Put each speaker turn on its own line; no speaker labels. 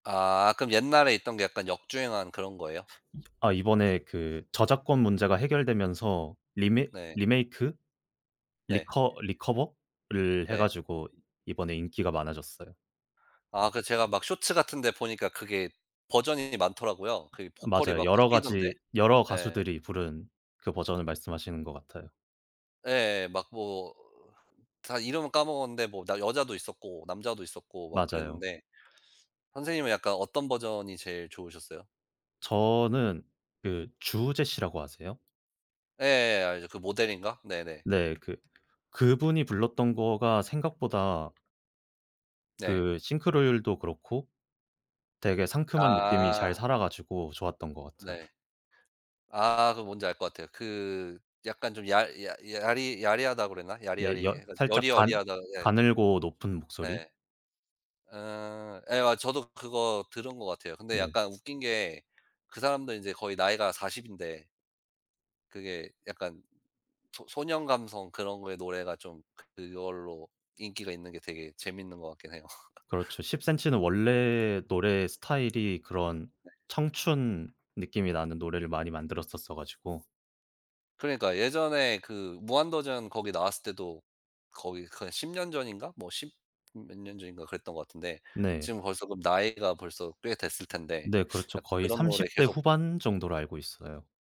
아 그럼 옛날에 있던 게 약간 역주행한 그런 거예요?
아 이번에 그 저작권 문제가 해결되면서 리메
네.
리메이크
네.
리커 리커버를 해
네.
가지고 이번에 인기가 많아졌어요.
아 그 제가 막 쇼츠 같은데 보니까 그게 버전이 많더라고요. 그 보컬이
맞아요.
막
여러
바뀌던데.
가지 여러
예.
가수들이 부른 그 버전을 말씀하시는 것 같아요.
예예. 막 뭐 다 이름은 까먹었는데 뭐 나 여자도 있었고 남자도 있었고 막
맞아요.
그랬는데. 선생님은 약간 어떤 버전이 제일 좋으셨어요?
저는 그 주우재씨라고 아세요?
예. 알죠. 그 모델인가 네네.
네. 그 그분이 불렀던 거가 생각보다
네.
그 싱크로율도 그렇고 되게 상큼한 느낌이 잘
아.
살아 가지고 좋았던 것 같아요.
네. 아 그거 뭔지 알 것 같아요. 그 약간 좀 야 야 야리 야리하다 그러나
네. 여
야리야리해 가지고
살짝 간
여리여리하다. 예.
가늘고 높은 목소리.
예. 아. 예 아 저도 그거 들은 것 같아요. 근데
네.
약간 웃긴 게 그 사람도 이제 거의 나이가 40 인데 그게 약간 소 소년 감성 그런 거에 노래가 좀 그걸로 인기가 있는 게 되게 재밌는 것 같긴 해요.
그렇죠. 십센치는 원래 노래 스타일이 그런
네.
청춘 느낌이 나는 노래를 많이 만들었었어 가지고
그러니까요. 예전에 그 무한도전 거기 나왔을 때도 거의 그 한 10 년 전인가? 뭐 십몇 년 전인가 그랬던 것 같은데
네.
지금 벌써 그러면 나이가 벌써 꽤 됐을 텐데.
네 그렇죠.
아
거의
그런 노래
30 대
계속
후반 정도로 알고 있어요.